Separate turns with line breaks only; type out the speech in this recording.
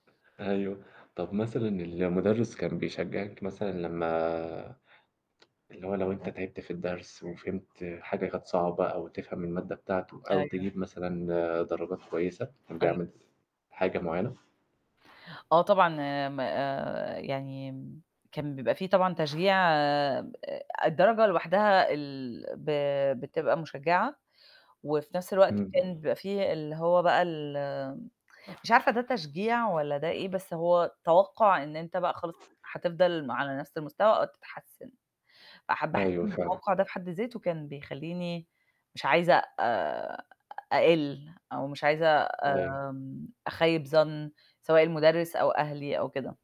أيوه، طب مثلًا المُدرّس كان بيشجعِك، مثلًا لمّا اللي هو لو أنت تعبت في الدرس، وفهمت حاجة كانت صعبة، أو تفهم المادة بتاعته، أو
أيوه.
تجيب مثلًا درجات كويسة، كان
أيوه.
بيعمل حاجة معيّنة؟
آه، طبعًا آآ م آآ يعني كان بيبقى في طبعًا تشجيع، آآ الدرجة لوحدها ال ب بتبقى مُشجِعة، وفي نفس الوقت كان
امم.
بيبقى في اللي هو بقى ال مش عارفة ده تشجيع والَّا ده إيه؟ بس هو توقُع إن أنت بقى خلاص هتفضل على نفس المستوى، أو تتحسن. فحابة أحس
أيوه،
إن
فعلًا.
التوقُع ده في حد ذاته كان بيخلّيني مش عايزة آآ أقِّل، أو مش عايزة
أيوه.
آمم أخيِّب ظن، سواء المُدرّس، أو أهلي، أو كده.